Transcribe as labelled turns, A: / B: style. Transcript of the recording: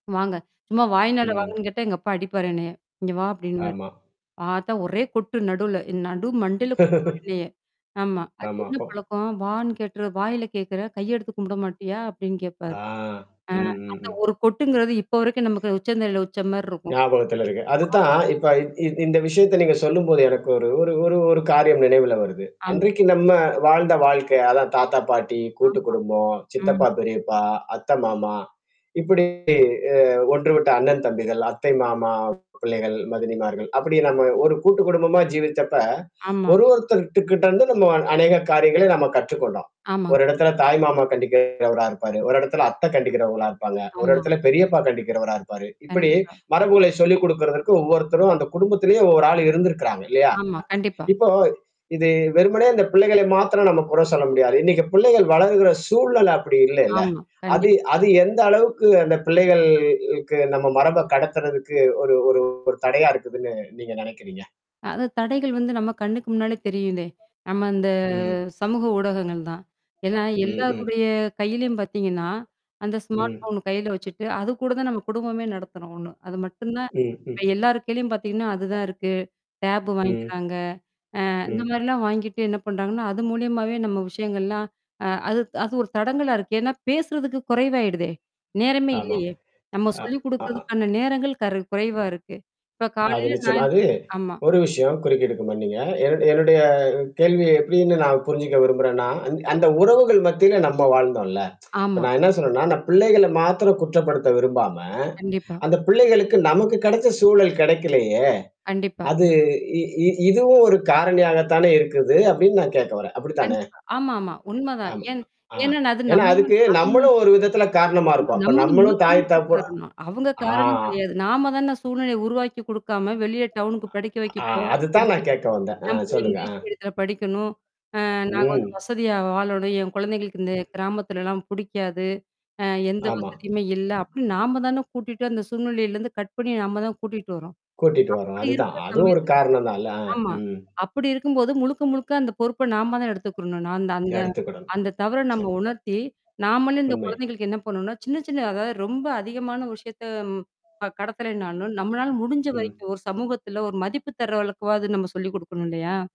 A: வாங்க. சும்மா வாய்னால
B: ம்.
A: வாங்கன்னு கேட்டா எங்க அப்பா அடிப்பாரு என்னய. இங்க வா! அப்பிடின்னுவாரு.
B: ஆமா.
A: பார்த்தா ஒரே கொட்டு நடுவுல. நடு மண்டைல கொட்டுவாரு என்னய ஆமா. அது
B: ஆமா,
A: என்ன
B: அப்போ
A: பழக்கம்? வான்னு கேக்கிற? வாயில கேக்கறே? கையெடுத்து கும்பிட மாட்டியா? அப்பிடின்னு கேப்பாரு.
B: ஆ.
A: அ
B: ம், ம்,
A: அந்த
B: ம்.
A: ஒரு கொட்டுங்கிறது இப்ப வரைக்கும் நமக்கு உச்சந்தலையில வச்சமாரி இருக்கும்.
B: ஞாபகத்துல இருக்கு.
A: [unintelligible]
B: அதுதான் இப்ப இ இ இந்த விஷயத்த நீங்க சொல்லும்போது எனக்கு ஒரு ஒரு ஒரு ஒரு காரியம் நினைவுல வருது.
A: ஆமா.
B: அன்றைக்கு நம்ம வாழ்ந்த வாழ்க்கை. அதான் தாத்தா, பாட்டி, கூட்டு
A: ஆமா.
B: குடும்பம்,
A: ம்.
B: சித்தப்பா பெரியப்பா, அத்த, மாமா. இப்பிடி அ ஒன்று விட்ட அண்ணன் தம்பிகள், அத்தை மாமா பிள்ளைகள், மதினிமார்கள், அப்பிடி நம்ம ஒரு கூட்டு குடும்பமா ஜீவிச்சப்ப,
A: ஆமா.
B: ஒரு ஒருத்தர்கிட்ட இருந்து நம்ம அநேக காரியங்களை நம்ம கற்றுக்கொண்டோம்.
A: ஆமாங்க.
B: ஒரு இடத்துல தாய் மாமா கண்டிக்கிறவரா இருப்பாரு. ஒரு இடத்தல அத்தை கண்டிக்கிறவங்களா இருப்பாங்க. ஒரு
A: ஆமா.
B: இடத்துல பெரியப்பா கண்டிக்கிறவரா இருப்பாரு. இப்பிடி,
A: கண்டிப்பா.
B: மரபுகளை சொல்லிக் குடுக்கிறதற்கு ஒவ்வொருத்தரும் அந்த குடும்பத்திலேயே ஒவ்வொரு ஆள் இருந்திருக்கிறாங்க இல்லயா!
A: ஆமா. கண்டிப்பா.
B: இப்போ. இது வெறுமனே இந்த பிள்ளைகளை மாத்திரம் நம்ம குறை சொல்ல முடியாது. இன்னைக்கி பிள்ளைகள் வளர்கிற சூழல் அப்பிடி இல்லல்ல?
A: ஆமா.
B: அது
A: கண்டிப்
B: அது எந்த அளவுக்கு அந்த பிள்ளைகள்க்கு நம்ம மரப கடத்துறதுக்கு ஒரு ஒரு ஒரு தடையா இருக்குதுன்னு நீங்க நெனைக்கிறீங்க?
A: அது தடைகள் வந்து நம்ம கண்ணுக்கு முன்னாலே தெரியுதே! நம்ம இந்த
B: ம்.
A: சமூக ஊடகங்கள் தான். ஏன்னா,
B: ம், ம்.
A: எல்லாருடைய கையிலயும் பார்த்தீங்கன்னா, அந்த ஸ்மார்ட்
B: ம்.
A: ஃபோன் கையில வச்சுட்டு, அது கூட தான் நம்ம குடும்பமே நடத்துறோம் ஒண்ணு. அது மட்டும் தான்.
B: ம், ம்.
A: இப்ப எல்லாருக்கையிலயும் பார்த்தீங்கன்னா, அதுதான் இருக்கு. டேப்
B: ம்.
A: வாங்கிக்கிறாங்க. அ
B: ம்.
A: இந்தமாரிலாம் வாங்கிட்டு என்ன பண்றாங்கன்னா, அது மூலியமாவே நம்ம விஷயங்கள்லாம் அ அது அது ஒரு தடங்கலா இருக்கு. ஏன்னா, பேசுறதுக்கு குறைவாயிடுதே! நேரமே
B: ஆமாம்.
A: இல்லயே! நம்ம
B: அ
A: சொல்லிக்
B: அ
A: குடுக்கிறதுக்கான நேரங்கள் கரு குறைவா இருக்கு. இப்ப
B: அது
A: காலையில
B: நிச்சயமா
A: [unintelligible]
B: அது,
A: ஆமா.
B: ஒரு விஷயம் குறுக்கீடுக்கு மன்னீங்க. என என்னுடைய கேள்வி எப்பிடின்னு நான் புரிஞ்சுக்க விரும்புறேன்னா, அந் அந்த உறவுகள் மத்தியில நம்ம வாழ்ந்தோம்ல்ல இப்ப
A: ஆமா.
B: நான் என்ன சொல்றேன்னா, நான் பிள்ளைகள மாத்திரம் குற்றப்படுத்த விரும்பாம,
A: கண்டிப்பா.
B: அந்த பிள்ளைகளுக்கு நமக்கு கெடைச்ச சூழல் கெடைக்கலயே!
A: கண்டிப்பா.
B: அது இ இ இதுவும் ஒரு காரணியாக தானே இருக்குது. அப்பிடின்னு நான் கேட்க வர்றேன். அப்பிடித்தானே?
A: கண்டிப்பா. ஆமா, ஆமா. உண்ம தான்.
B: ஆமா.
A: ஏன்
B: ஆ.
A: ஏன்னா அது
B: ஏன்னா,
A: நம்ம
B: அதுக்கு
A: [unintelligible]
B: நம்மளும் ஒரு விதத்தில காரணமா
A: ஆமா.
B: இருப்போம். இப்ப
A: நம்மதான்
B: நம்மளும்
A: முழுக்க
B: தாய்
A: முழுக்க
B: தகப்பு
A: காரணம் அவுங்க
B: ஆ.
A: காரணம் கெடையாது. நாம தானே சூழ்நிலையை உருவாக்கி குடுக்காம வெளியில டவுன் னுக்கு படிக்க வைக்க
B: ஆ,
A: போ
B: அதுதான்
A: [unintelligible]
B: நான் கேட்க வந்தேன்.
A: என்
B: அ
A: புள்ள
B: சொல்லுங்க.
A: இங்கிலீஷ்
B: ஆ.
A: மீடியத்துல படிக்கணும். அ நாங்க வந்து
B: ம்.
A: வசதியா வாழணும், என் கொழந்தைகளுக்கு இந்த கிராமத்துலலாம் பிடிக்காது. அ எந்த
B: ஆமா.
A: வசதியுமே இல்ல. அப்பிடின்னு நாம தானே கூட்டிட்டு அந்த சூழ்நிலையிலருந்து கட் பண்ணி நம்ம தான் கூட்டிட்டு வர்றோம்
B: கூட்டிட்டு வர்றோம்.
A: அப்பிடி
B: அதுதான்.
A: இருக்கிற
B: அதுவும் ஒரு
A: சமயத்துல
B: காரணம் தான் இல்ல. அ,
A: ஆமா.
B: ம்.
A: அப்பிடி இருக்கும்போது முழுக்க, முழுக்க அந்த பொறுப்ப நாம தான் எடுத்துக்கிறணும். நான் அந்த அந்த
B: எடுத்துக்கிடணும்.
A: அந்த தவற நம்ம
B: சரி.
A: உணர்த்தி, நாமளே இந்த
B: உண்மை.
A: குழந்தைகளுக்கு என்ன பண்ணுன்னா, சின்ன, சின்ன அதாவது ரொம்ப அதிகமான விஷயத்த அ கடத்தலனாலும், நம்மனால முடிஞ்ச
B: ம்.
A: வரைக்கும் ஒரு சமூகத்துல ஒரு மதிப்பு தர்ற அளவுக்காவாது நம்ம சொல்லிக் குடுக்கணும், இல்லயா!